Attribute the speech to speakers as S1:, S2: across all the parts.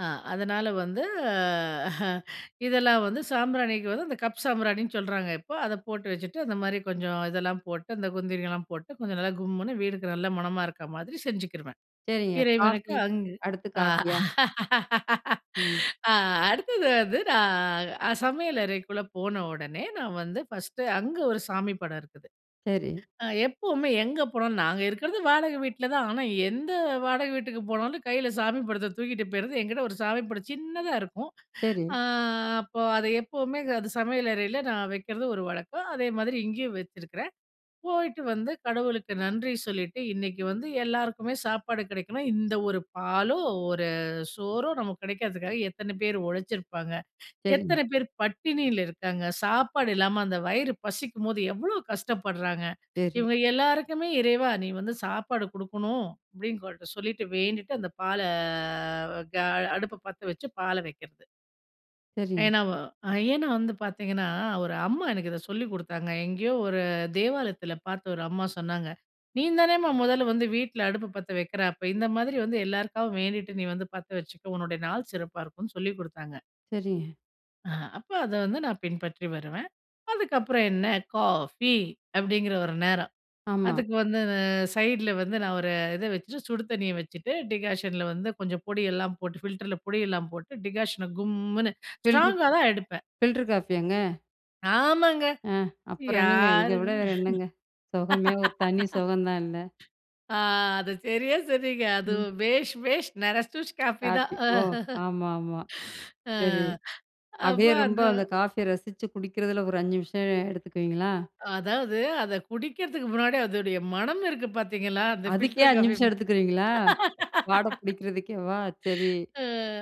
S1: ஆ அதனால வந்து, அ இதெல்லாம் வந்து சாம்பிராணிக்கு வந்து அந்த கப் சாம்பிராணின்னு சொல்றாங்க இப்ப. அத போட்டு வச்சுட்டு அந்த மாரி கொஞ்சம் இதெல்லாம் போட்டு அந்த குந்திரிலாம் போட்டு, கொஞ்சம் நல்லா கும்முனு வீடுக்கு நல்ல மணமா இருக்குற மாதிரி செஞ்சுக்குருவேன்.
S2: சரிங்க.
S1: இறைவனுக்கு
S2: காஃபி,
S1: அங்கு,
S2: அடுத்து
S1: ஆ.
S2: காஃபியா? ம்.
S1: ஆ அடுத்தது வந்து, நான் அ சமையலறைக்குள்ள போன ஒடனே நான் வந்து, ஃபர்ஸ்ட் அங்க ஒரு சாமி படம் இருக்குது.
S2: சரி.
S1: அ எப்பவுமே எங்க போனோம் நாங்க இருக்குறது வாடக வீட்ல தான். ஆனா, எந்த வாடக வீட்டுக்கு போனாலும் கைல சாமி படத்த தூக்கிட்டு போய்றது. என்கிட்ட ஒரு சாமி படம் சின்னதா இருக்கும்.
S2: சரி.
S1: ஆ அப்போ அத எப்பவுமே அது சமையலறைல நான் வைக்கிறது ஒரு வழக்கம். அதே மாதிரி இங்கேயும் வச்சுருக்றேன். போயிட்டு வந்து கடவுளுக்கு நன்றி சொல்லிட்டு, இன்னிக்கு வந்து எல்லாருக்குமே சாப்பாடு கிடைக்கணும். இந்த ஒரு பாலோ, ஒரு சோறோ நமக்கு கிடைக்குறதுக்காக எத்தன பேர் ஒழச்சிருப்பாங்க.
S2: சரிங்க.
S1: எத்தன பேர் பட்டினில இருக்காங்க. சாப்பாடு இல்லாம அந்த வயிறு பசிக்கும்போது எவ்ளோ கஷ்டப்படுறாங்க.
S2: சரி.
S1: இவங்க எல்லாருக்குமே "இறைவா! நீ வந்து சாப்பாடு குடுக்கணும்." அப்டின்னு சொல்லிட்டு, வேண்டிட்டு அந்த பால்ல க அடுப்ப பத்த வச்சு பால வைக்கிறது.
S2: சரிங்க.
S1: ஏன்னா வ ஏன்னா வந்து பார்த்தீங்கன்னா, ஒரு அம்மா எனக்கு இத சொல்லிக் குடுத்தாங்க. எங்கேயோ ஒரு தேவாலயத்துல பார்த்து ஒரு அம்மா சொன்னாங்க. "நீந்தானேம்மா மொதல்ல வந்து வீட்ல அடுப்பு பத்த வைக்கிற, அப்ப இந்த மாதிரி வந்து எல்லாருக்காகவும் வேண்டிட்டு நீ வந்து பத்த வச்சுக்கோ. உன்னோட நாள் சிறப்பா இருக்கும்னு" சொல்லிக் குடுத்தாங்க.
S2: சரிங்க.
S1: ஆ அப்ப அத வந்து நான் பின்பற்றி வருவேன். அதுக்கப்புறம் என்ன காஃபி, அப்டிங்கிற ஒரு நேரம்.
S2: ஆமா.
S1: அதுக்கு வந்து சைடுல வந்து நான் ஒரு இத வச்சுட்டு சுடு தண்ணிய வச்சுட்டு, டிகாஷன்ல வந்து கொஞ்சம் பொடியெல்லாம் போட்டு ஃபில்டர்ல பொடியெல்லாம் போட்டு டிகாஷன கும்முனு,
S2: ஃபில்ட்ரு
S1: ஸ்ட்ராங்கா தான் எடுப்பேன்.
S2: ஃபில்டர் காஃபியாங்க?
S1: ஆமாங்க.
S2: ஆ அப்பறம் என்னங்க இத
S1: யாருங்க,
S2: விட வேற என்னங்க? சொகமே ஒரு தனி சொகம் தான் இல்ல.
S1: ஆ அது சரியா சொன்னீங்க. அது
S2: ம்.
S1: "பேஷ்! பேஷ்! நரசூஸ் காஃபி" தான்.
S2: காஃபி,
S1: அ.
S2: ஓ! ஆமா, ஆமா.
S1: ஆ
S2: சரி, அப்டியே
S1: அப்போ அத
S2: ரொம்ப அந்த காஃபிய ரசிச்சு குடிக்குறதுல ஒரு 5 நிமிஷம் எடுத்துக்குவீங்களா?
S1: அதாவது அத குடிக்கிறதுக்கு முன்னாடி அதோடைய மனம் இருக்கு பாத்தீங்களா? அந்த
S2: அதுக்கே
S1: பில்டர்
S2: 5
S1: காஃபி.
S2: நிமிஷம் எடுத்துக்குறீங்களா? வாட புடிக்கிறதுக்கேவா? சரி,
S1: ஆ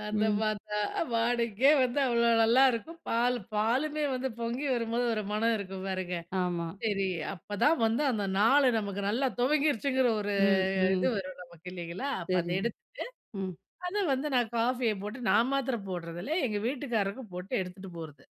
S1: அந்த
S2: ம்.
S1: வாந்த வாடக்கே வந்து அவ்ளோ நல்லாருக்கும். பால் பாலுமே வந்து பொங்கி வரும்போது, ஒரு மனம் இருக்கும் பாருங்க.
S2: ஆமா.
S1: சரி, அப்பதான் வந்து அந்த நாளு நமக்கு நல்லா துவங்கிருச்சுங்கிற ஒரு
S2: ம்,
S1: இது
S2: ம்.
S1: வரும் நமக்கு இல்லைங்களா? அப்ப அத
S2: சரிங்க.
S1: எடுத்துட்டு,
S2: ம்.
S1: அத வந்து நான் காஃபிய போட்டு நான் மாத்திரம் போடுறதில்ல எங்க வீட்டுக்காரருக்கும் போட்டு எடுத்துட்டு போறது.